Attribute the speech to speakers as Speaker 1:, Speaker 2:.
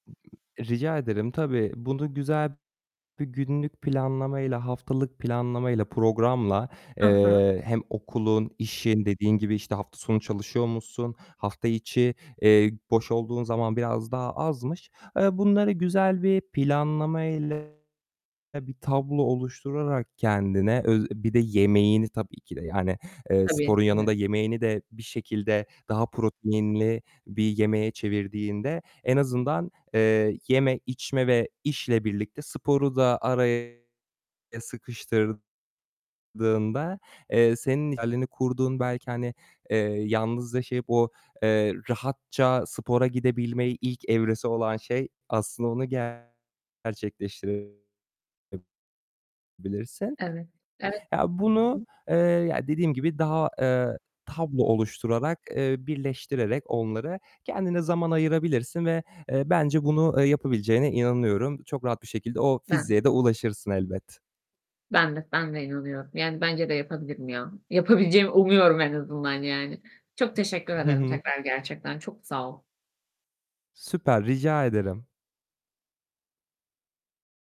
Speaker 1: Rica ederim. Tabii bunu güzel bir günlük planlamayla, haftalık planlamayla, programla,
Speaker 2: Ha ha.
Speaker 1: eee, hem okulun, işin, dediğin gibi, işte, hafta sonu çalışıyor musun? Hafta içi, eee, boş olduğun zaman biraz daha azmış. Eee, bunları güzel bir planlamayla ya bir tablo oluşturarak kendine öz bir de yemeğini tabii ki de yani, eee,
Speaker 2: Tabii.
Speaker 1: sporun
Speaker 2: Hı hı.
Speaker 1: yanında yemeğini de bir şekilde daha proteinli bir yemeğe çevirdiğinde en azından, eee, yeme, içme ve işle birlikte sporu da araya sıkıştırdığında, eee, senin idealini kurduğun belki hani, eee, yalnız yaşayıp o, eee, rahatça spora gidebilme ilk evresi olan şey aslında onu gerçekleştirebilirsin.
Speaker 2: Evet, evet.
Speaker 1: Ya,
Speaker 2: Hı
Speaker 1: bunu,
Speaker 2: hı.
Speaker 1: eee, ya dediğim gibi daha, eee, tablo oluşturarak, eee, birleştirerek onlara kendine zaman ayırabilirsin ve, eee, bence bunu, eee, yapabileceğine inanıyorum. Çok rahat bir şekilde o
Speaker 2: Ben de.
Speaker 1: fiziğe de ulaşırsın elbet.
Speaker 2: Ben de, ben de inanıyorum. Yani, bence de yapabilirim ya. Yapabileceğimi umuyorum en azından yani. Çok teşekkür
Speaker 1: Hı
Speaker 2: ederim
Speaker 1: hı.
Speaker 2: tekrar, gerçekten çok sağ ol.
Speaker 1: Süper. Rica ederim.